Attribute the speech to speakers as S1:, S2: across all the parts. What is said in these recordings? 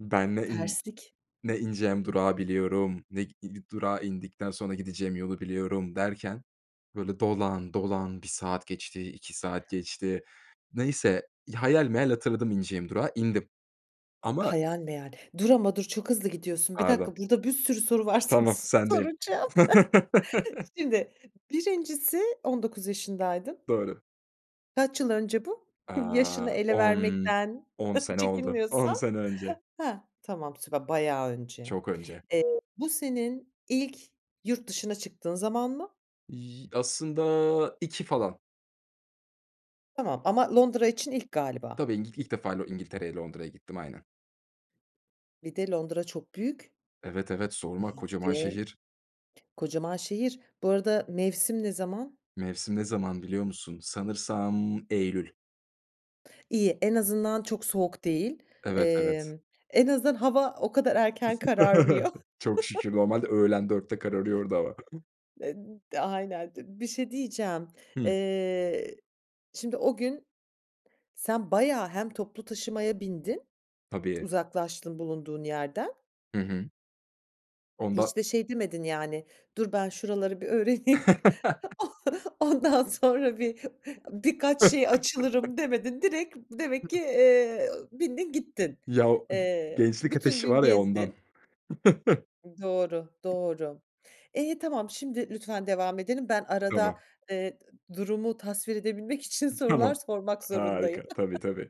S1: Ben ne in
S2: Terslik.
S1: ne ineceğim durağı biliyorum, ne gi i durağı indikten sonra gideceğim yolu biliyorum. Derken, böyle, dolan dolan 1 saat geçti, 2 saat geçti. Neyse, hayal meyal hatırladım ineceğim durağı indim. Ama
S2: Hayal meyal. Dur ama dur, çok hızlı gidiyorsun. Bir
S1: Pardon.
S2: dakika, burada bir sürü soru varsa
S1: Tamam,
S2: sana
S1: sendeyim.
S2: soracağım. Şimdi, 1.si 19 yaşındaydın.
S1: Doğru.
S2: Kaç yıl önce bu? Yaşını
S1: Aaa,
S2: ele
S1: on
S2: vermekten
S1: on sene oldu. 10
S2: çekinmiyorsan.
S1: sene önce.
S2: Hah. Tamam, süper bayağı önce.
S1: Çok önce.
S2: Eee, bu senin ilk yurt dışına çıktığın zaman mı?
S1: Y aslında 2 falan.
S2: Tamam. Ama Londra için ilk galiba.
S1: Tabii, İng ilk defa Lo İngiltere'ye Londra'ya gittim aynen.
S2: Bir de Londra çok büyük.
S1: Evet, evet, sorma. Kocaman
S2: Ve
S1: şehir.
S2: kocaman şehir. Bu arada mevsim ne zaman?
S1: Mevsim ne zaman, biliyor musun? Sanırsam eylül.
S2: İyi, en azından çok soğuk değil.
S1: Evet, evet.
S2: Emm, en azından hava o kadar erken kararmıyor.
S1: Çok şükür, normalde öğlen 4'te kararıyor orada hava.
S2: Eee, d aynen, d bir şey diyeceğim.
S1: Hımm.
S2: Eee, şimdi o gün sen bayağı hem toplu taşımaya bindin, t
S1: Tabii.
S2: uzaklaştın bulunduğun yerden.
S1: Hı hı. Ondan
S2: Hiç de şey demedin yani, "Dur, ben şuraları bir öğreneyim, on ondan sonra bir birkaç şey açılırım" demedin. Direkt demek ki, eee, bindin gittin.
S1: Ya, o g
S2: Eee,
S1: gençlik
S2: bütün
S1: ateşi
S2: gün
S1: var ya, ondan.
S2: gezdin. Doğru, doğru. İyi, tamam. Şimdi lütfen devam edelim. Ben arada,
S1: Tamam.
S2: eee, d durumu tasvir edebilmek için sorular
S1: Tamam.
S2: sormak zorundayım.
S1: Harika. Tabii tabii.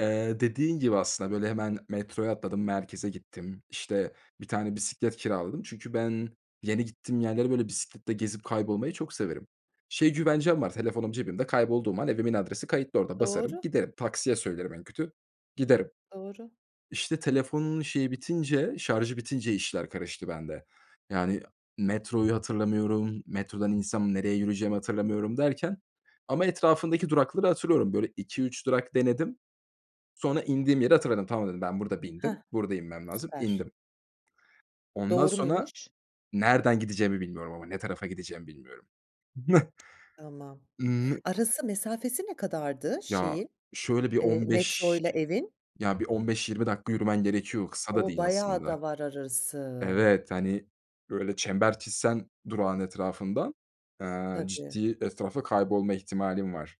S1: Eee, dediğin gibi aslında, böyle, hemen metroya atladım, merkeze gittim. İşte, 1 tane bisiklet kiraladım çünkü ben yeni gittiğim yerlere, böyle, bisikletle gezip, kaybolmayı çok severim. Şey güvencem var: Telefonum cebimde kaybolduğum an evimin adresi kayıtlı orada. Basarım,
S2: Doğru.
S1: giderim; taksiye söylerim en kötü, giderim.
S2: Doğru.
S1: İşte, telefonun şeyi bitince şarjı bitince işler karıştı bende. Yani, metroyu hatırlamıyorum. Metrodan insem, nereye yürüyeceğimi hatırlamıyorum derken ama etrafındaki durakları hatırlıyorum. Böyle, 2-3 durak denedim. Sonra indiğim yere hatırladım, "Tamam," dedim, "ben burada bindim,
S2: Hah,
S1: burada inmem lazım."
S2: süper.
S1: İndim. Ondan
S2: Doğru
S1: sonra
S2: muymuş?
S1: nereden gideceğimi bilmiyorum ama ne tarafa gideceğimi bilmiyorum.
S2: Tamam.
S1: Imm, n
S2: Arası, mesafesi ne kadardı,
S1: Ya,
S2: şeyin,
S1: şöyle bir
S2: eee,
S1: 15,
S2: metroyla evin?
S1: ya, bir 15-20 dakika yürümen gerekiyor, kısa da
S2: O
S1: değil
S2: bayağı
S1: aslında.
S2: da var arası.
S1: Evet, hani, böyle, çember çizsen durağın etrafından, eee,
S2: Tabii.
S1: ciddi etrafta kaybolma ihtimalin var.